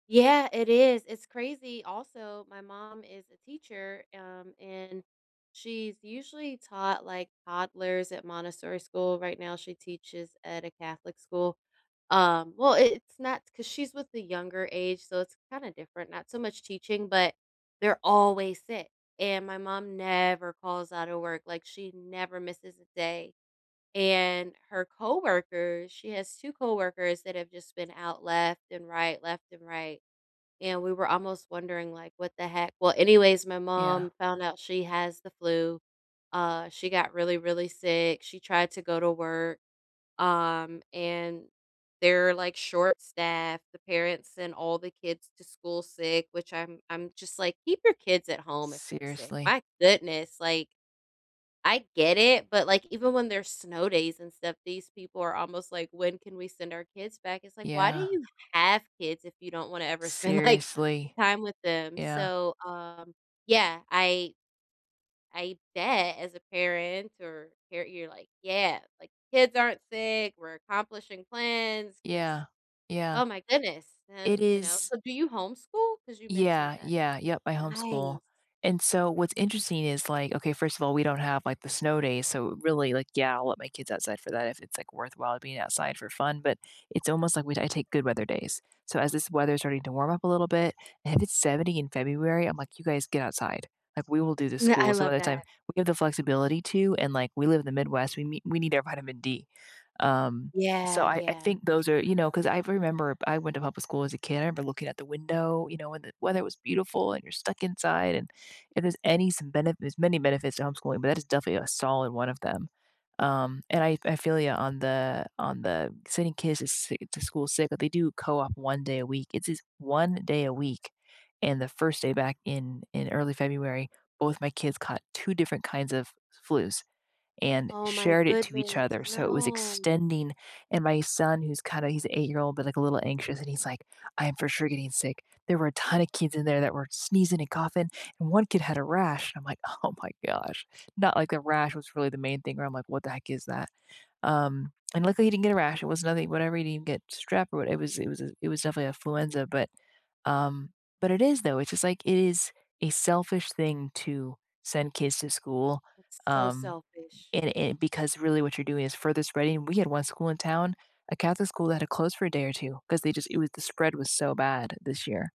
Yeah, it is, it's crazy. Also, my mom is a teacher, um, and she's usually taught, like, toddlers at Montessori school. Right now she teaches at a Catholic school. Um well, i it's not 'cause she's with the younger age, so it's kinda different, not so much teaching, but they're always sick and my mom never calls outta work, like, she never misses a day. And, her coworkers she has 2 coworkers that have just been out, left and right, left and right. And, we were almost wondering like, "What the heck?" Well, anyways, my Yeah. mom found out she has the flu. Uh, she got really, really sick. She tried to go to work, um, and they're, like, short-staffed. The parents sent all the kids to school sick, which I'm I'm just, like, "Keep your kids at home if they're sick." Seriously. My goodness, like I get it, but, like, even when there's snow days and stuff, these people are almost like, "When can we send our kids back?" It's like, "Why do Yeah. you have kids if you don't wanna ever spend, like, Seriously. time with them?" Yeah. So, um yeah, I I bet, as a parent or you're you're like, "Yeah," like, "kids aren't sick, we're accomplishing plans, 'cause" Yeah, yeah. Oh my goodness, and, It you know? is So, do you homeschool? 'Cause you mentioned Yeah, that. yeah yep, I homeschool. Nice! And so, what's interesting is, like okay, first of all, we don't have, like, the snow days, so, really, like yeah, I'll let my kids outside for that if it's, like, worthwhile being outside for fun but it's almost like we I take good weather days. So, as this weather is starting to warm up a little bit, and it's 70 in February, I'm like, "You guys get outside." Like, "We will do the Yeah, I school" so, by love the that. time, we give the flexibility to, and, like, we live in the Midwest, we meet we need our vitamin D. Um, Yeah, so I I yeah. think those are Sure. you know? 'Cause I remember, b I went to public school as a kid. I remember, looking at the window, you know? And the weather was beautiful, and you're stuck inside, and if there's any some benefit there's many benefits to homeschooling, but that is definitely a solid one of them. Um, and I I feel ya on the on the sending kids to si to school sick, but they do co-op 1 day a week, it's his 1 day a week. And, the 1st day back, in in early February, both my kids caught 2 different kinds of flus and Oh my shared it to each goodness, other, so it was no! extending and my son, who's kinda he's a 8 year-old, but, like, a little anxious, and he's like, "I'm for sure getting sick. There were a ton of kids in there that were sneezing and coughing, and 1 kid had a rash," and I'm like, "Oh my gosh." Not like the rash was really the main thing, where I'm like, "What the heck is that?" Um, and, luckily, he didn't get a rash, it was nothing whatever, he didn't get strep, or what it was it was a it was definitely influenza. But, um but it is, though, it's just, like, it is a selfish thing to send kids to school, That's so um, selfish. and and, because really what you're doing is further spreading we had 1 school in town, a Catholic school that had closed for a day or 2, 'cause they just it was the spread was so bad this year.